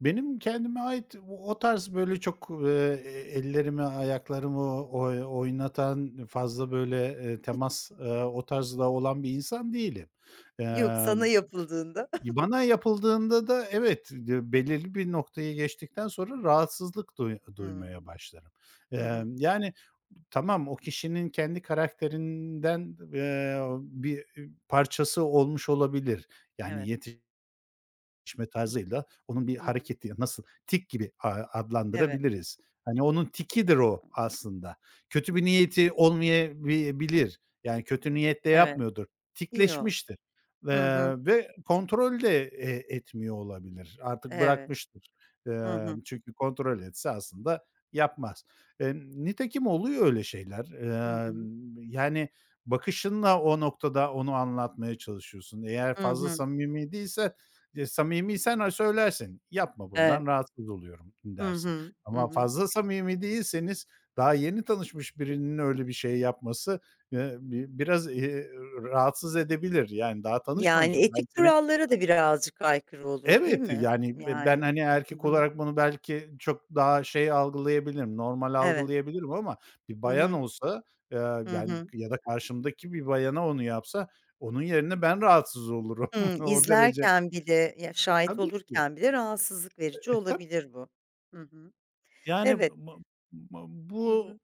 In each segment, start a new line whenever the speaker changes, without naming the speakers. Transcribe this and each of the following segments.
Benim kendime ait, o tarz böyle çok, eee, ellerimi, ayaklarımı, oy oynatan, fazla böyle, eee, temas, ııı, o tarzda olan bir insan değilim.
Yok sana
Imm,
yapıldığında.
bana yapıldığında da evet, [unintelligible] belirli bir noktayı geçtikten sonra, rahatsızlık duy duymaya
Hımm.
başlarım.
Hı hı.
Imm, yani, b tamam, o kişinin kendi karakterinden, eee, bir parçası olmuş olabilir. Yani,
Evet.
yetişme
Hı hı.
tarzıyla onun bir
Hı hı.
hareketi, nasıl, tik gibi, ııı,
Evet.
adlandırabiliriz. Hani, onun tikidir o,
Hıı.
aslında. Kötü bir niyeti olmayabi bilir. Yani, kötü niyetle
Evet.
yapmıyordur.
Yo,
Tikleşmiştir.
hı hı.
Iıı ve kontrol de e etmiyor olabilir. Artık
Evet.
bırakmıştır.
Hı
Imm,
hı.
çünkü kontrol etse, aslında yapmaz. Imm, nitekim oluyor öyle şeyler.
Hı hı.
Imm, yani bakışınla o noktada, onu anlatmaya çalışıyorsun. Eğer
Hı
fazla
hı.
samimi değilse; samimiysen ha, söylersin. Yapma,
Evet.
bundan rahatsız oluyorum,
Hı
dersin
hı. Hı
ama
hı.
fazla samimi değilseniz, daha yeni tanışmış birinin öyle bir şey yapması, ııı, bi biraz, eee, rahatsız edebilir. Yani, daha
Yani
tanışmamışım, ben
etik
seni
kurallara da birazcık aykırı olur, değil
Evet,
mi?
yani, b ben,
Yani.
hani,
Hı
erkek
hı.
olarak bunu belki çok daha şey algılayabilirim, normal
Evet.
algılayabilirim ama bir
Hı
bayan
hı.
olsa, ııı,
Hı
yani
hı.
ya da karşımdaki bir bayana onu yapsa, onun yerine ben rahatsız olurum.
Hımm,
O derece.
izlerken bile ya, şahit
Tabii ki.
olurken bile, rahatsızlık verici
Eee, tab
olabilir, bu. Hı hı.
Yani,
Evet.
mı mı
Hı
bu,
hı.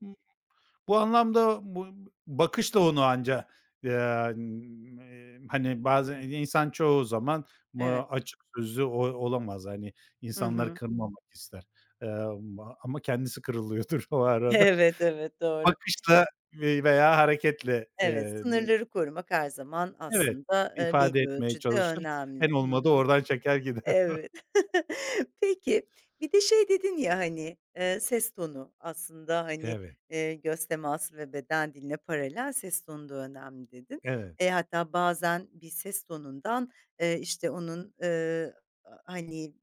bu anlamda bu bakış da onu anca,, [unintelligible] hani, bazen insan çoğu zaman, b ııı,
Evet.
açık sözlü o olamaz. Hani,
Hı
insanları
hı.
kırmamak ister; ımm, ama kendisi kırılıyordur o arada.
Evet, evet, doğru.
Bakışla ve veya hareketle,
Evet,
eee, bi
sınırları korumak her zaman
Evet,
aslında, ııı,
ifade
belli
etmeye
ölçüde
çalışır. En
önemli. Hı
olmadı,
hı.
oradan çeker, gider.
Evet. Peki, bir de şey dedin ya hani, ııı, ses tonu. Aslında hani,
Evet.
eee, göz teması ve beden diline paralel, ses tonu da önemli, dedin.
Evet.
E, hatta bazen bir ses tonundan, ııı, işte onun, ııı, hani